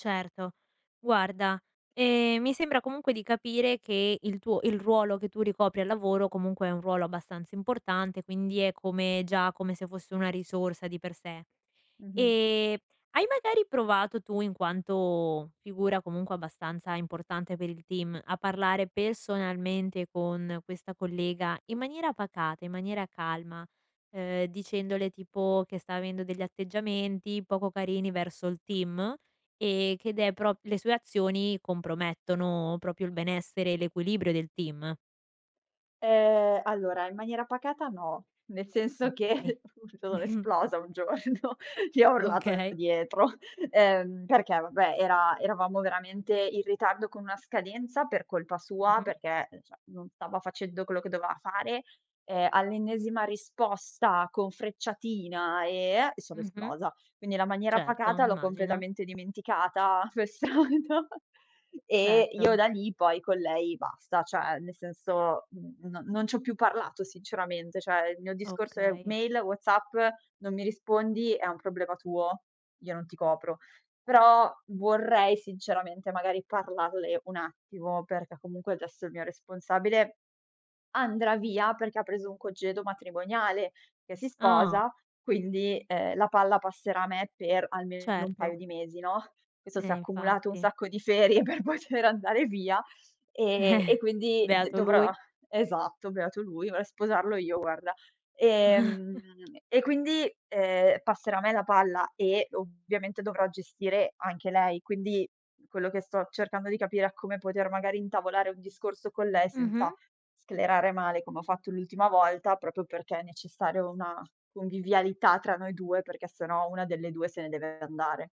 Certo, guarda, ehm, mi sembra comunque di capire che il tuo il ruolo che tu ricopri al lavoro comunque è un ruolo abbastanza importante, quindi è come già come se fosse una risorsa di per sé. Mh-mh. Ehm, hai magari provato tu, in quanto figura comunque abbastanza importante per il team, a parlare personalmente con questa collega, in maniera pacata, in maniera calma, ehm, dicendole tipo che sta avendo degli atteggiamenti poco carini verso il team e che de pr le sue azioni compromettono proprio il benessere e l'equilibrio del team? Ehm, allora in maniera pacata no, nel senso Okay. che sono esplosa un giorno, gli ho urlato Okay. dietro, ehm perché vabbè era eravamo veramente in ritardo con una scadenza per colpa sua, Mh-mh. perché, uhm, cioè, non stava facendo quello che doveva fare, e all'ennesima risposta con frecciatina eh è, sono Mh-mh. esplosa. Quindi la maniera Certo, pacata l'ho immagino. completamente dimenticata, come al solito e io Certo. da lì poi con lei basta, cioè nel senso n non non ci ho più parlato sinceramente, cioè, il mio discorso è Okay. mail, WhatsApp, non mi rispondi, è un problema tuo, io non ti copro. Però vorrei sinceramente, magari parlarle un attimo, perché comunque adesso il mio responsabile andrà via perché ha preso un congedo matrimoniale, che si Ah! sposa, quindi, ehm, la palla passerà a me per almeno un paio Certo. di mesi, no. Questo Eh s'è accumulato un infatti. sacco di ferie per poter andare via e e quindi d Beato dovrò lui. esatto, beato lui, vorrei sposarlo io guarda, ehm, e quindi, ehm, passerà a me la palla e ovviamente dovrò gestire anche lei, quindi quello che sto cercando di capire a come poter magari intavolare un discorso con lei Mh-mh. senza sclerare male come ho fatto l'ultima volta, proprio perché è necessario una convivialità tra noi 2, perché se no 1 delle 2 se ne deve andare.